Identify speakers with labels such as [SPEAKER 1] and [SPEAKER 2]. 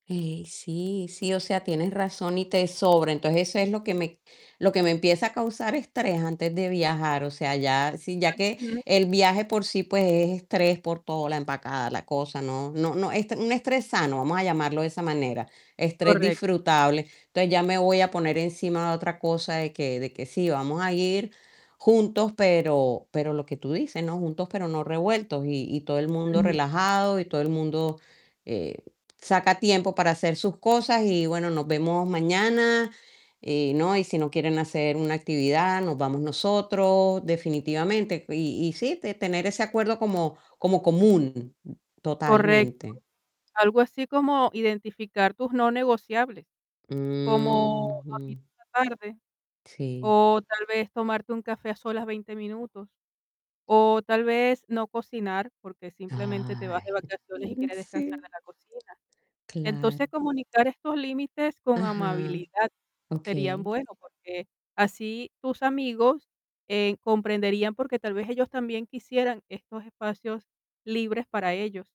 [SPEAKER 1] Eh, sí, sí, o sea, tienes razón, y te sobra. Entonces, eso es lo que me lo que me empieza a causar estrés, antes de viajar. O sea, ya si ya que
[SPEAKER 2] Ujú.
[SPEAKER 1] el viaje por sí, pues, es estrés por todo, la empacada, la cosa, ¿no? No no es un estrés sano, vamos a llamarlo de esa manera, estrés
[SPEAKER 2] Correcto.
[SPEAKER 1] disfrutable. Entonces, ya me voy a poner encima, otra cosa de que de que sí vamos a ir juntos, pero pero lo que tú dices, ¿no?, juntos, pero no revueltos. Y y todo el mundo
[SPEAKER 2] Ujú.
[SPEAKER 1] relajado, y todo el mundo, eh, saca tiempo para hacer sus cosas, y bueno, nos vemos mañana, eh, ¿no? Y si no quieren hacer una actividad, nos vamos nosotros, definitivamente. Y y sí, te tener ese acuerdo, como como común,
[SPEAKER 2] Correcto.
[SPEAKER 1] totalmente.
[SPEAKER 2] Algo así, como identificar tus no negociables, como dormir
[SPEAKER 1] Uqjú.
[SPEAKER 2] por la tarde,
[SPEAKER 1] Sí.
[SPEAKER 2] o tal vez, tomarte un café a solas, 20 minutos. O tal vez, no cocinar, porque simplemente, te vas de
[SPEAKER 1] Ay.
[SPEAKER 2] vacaciones, y
[SPEAKER 1] Mm,
[SPEAKER 2] quieres descansar
[SPEAKER 1] sí.
[SPEAKER 2] de la cocina. Entonces,
[SPEAKER 1] Claro.
[SPEAKER 2] comunicar estos límites, con
[SPEAKER 1] Ajá.
[SPEAKER 2] amabilidad, sería
[SPEAKER 1] Okey
[SPEAKER 2] bueno, porque así tus amigos, eh, comprenderían. Porque tal vez, ellos también, quisieran estos espacios libres, para ellos